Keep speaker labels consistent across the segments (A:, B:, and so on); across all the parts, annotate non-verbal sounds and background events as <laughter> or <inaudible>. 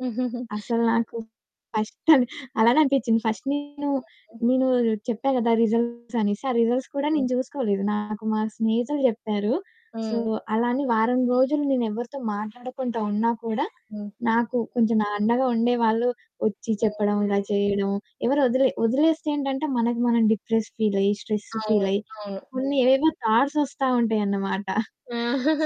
A: హుహుహు.
B: అసల నాకు ఫస్ట్ అని అలానే అనిపిచ్చింది. ఫస్ట్ నేను
A: హ్మ్.
B: నేను చెప్పా గదా! రిజల్ట్స్ అనేసి ఆ రిజల్ట్స్ కూడా
A: హ్మ్.
B: నేను చూసుకోలేదు. నాకు మా స్నేహితుడు జెప్పారు. సో,
A: హ్మ్.
B: అలా అని వారం రోజులు నేను ఎవరితో మాట్లాడకుండా ఉన్నా కూడా
A: హ్మ్.
B: నాకు కొంచెం అండగా ఉండేవాళ్ళు ఒచ్చి
A: హ్మ్.
B: చెప్పడం ఇలా చేయడం ఎవరు ఒదిలే ఒదిలేస్తేంటంటే మనకి మనం డిప్రెస్ ఫీలయ్యి, స్ట్రెస్
A: అవును.
B: ఫీలయ్యి
A: అవును.
B: కొన్ని ఏవేవో థాట్స ఒస్తా ఉంటాయన్నమాట. <chuckles>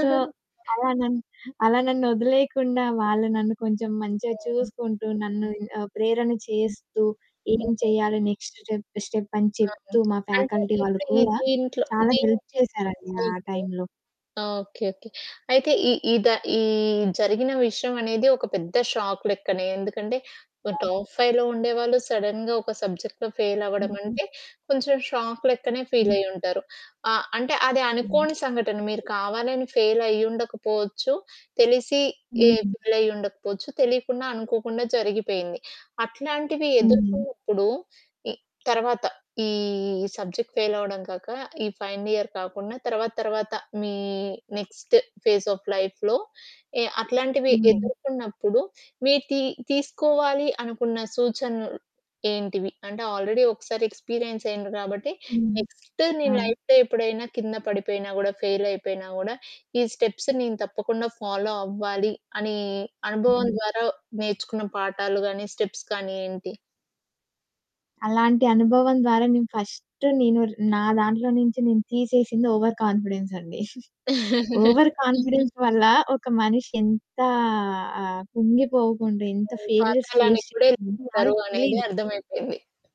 B: సో, అలా నన్ను, అలా నన్ను ఒదిలేయకుండా వాళ్ళు నన్ను కొంచెం మంచిగా
A: హ్మ్.
B: చూసుకుంటూ నన్ను ఆ ప్రేరణ
A: హ్మ్.
B: చేస్తూ ఏం
A: హ్మ్.
B: చేయాలి నెక్స్ట్ స్టెప్ స్టెప్ అని
A: అవును.
B: చెప్తూ, మా
A: అంటే
B: ఫ్యాకల్టీ వాళ్ళు
A: ఇప్పుడు ఈ
B: కూడా
A: దీంట్లో
B: చాలా
A: దీం
B: హెల్ప్ చేసారండి ఆ
A: ఓకే.
B: టైంలో.
A: ఆ! Okay okay. అయితే ఈ ఈ ద ఈ జరిగిన విషయం అనేది ఒక పెద్ద షాక్ లెక్కనే. ఎందుకంటే ఒక
B: అవును.
A: టాప్ 5లో ఉండేవాళ్ళు సడెన్‌గా ఒక సబ్జెక్ట్‌లో ఫెయిల్
B: హుహు.
A: అవ్వడమంటే కొంచెం షాక్ లెక్కనే
B: హ్మ్.
A: ఫీలయ్యుంటారు. అ అంటే అది
B: హ్మ్.
A: అనుకోని సంఘటన మీరు కావాలని ఫెయిలయ్యుండకపోవచ్చు, తెలిసి ఎ
B: హుహు.
A: ఫెయిలయ్యుండకపోవచ్చు, తెలియకుండా అనుకోకుండా జరిగిపోయింది. అట్లాంటివి
B: హ్మ్.
A: ఎదుర్కున్నప్పుడు ఈ తరువాత ఈ సబ్జెక్ట్ ఫెయిలవ్వడం కాక ఈ ఫైనల్ ఇయర్ కాకుండా తరువాత తరువాత మీ నెక్స్ట్ ఫేస్ ఆఫ్ లైఫ్‌లో ఎ అట్లాంటివి
B: హ్మ్.
A: ఎదుర్కున్నప్పుడు మీరు తి తీసుకోవాలి అనుకున్న సూచనలు ఏంటివి? అంటే ఆల్‌రెడి ఒకసారి ఎక్స్‌పిరియన్స్ అయిండ్రు కాబట్టి
B: హ్మ్.
A: నెక్స్ట్ మీ
B: అవును.
A: లైఫ్‌లో ఎప్పుడైనా కింద పడిపోయినా గూడా ఫెయిలయిపోయినా గూడా "ఈ స్టెప్స్ నేను తప్పకుండా ఫాలో అవ్వాలి" అని అనుభవం
B: హ్మ్.
A: ద్వారా నేర్చుకున్న పాఠాలు గానీ స్టెప్స్ గానీ ఏంటి?
B: అలాంటి అనుభవం ద్వారా నేను ఫస్ట్ నేను నా దాంట్లో నుంచి నేను తీసేసింది ఓవర్ కాన్ఫిడెన్స్ అండి. <chuckles>
A: <chuckles>
B: ఓవర్ కాన్ఫిడెన్స్ వల్ల ఒక మనిషి ఎంత ఆ కుంగిపోకుండా ఎంత
A: హ్మ్.
B: ఫెయిల్యూర్స్ ఫేస్
A: పాతాళానికి గూడా
B: చేస్తుందో
A: ఎళ్ళిపోతారు
B: ఆళ్ళకి
A: అనేది
B: తెలియదు.
A: అర్థం అయిపోయింది.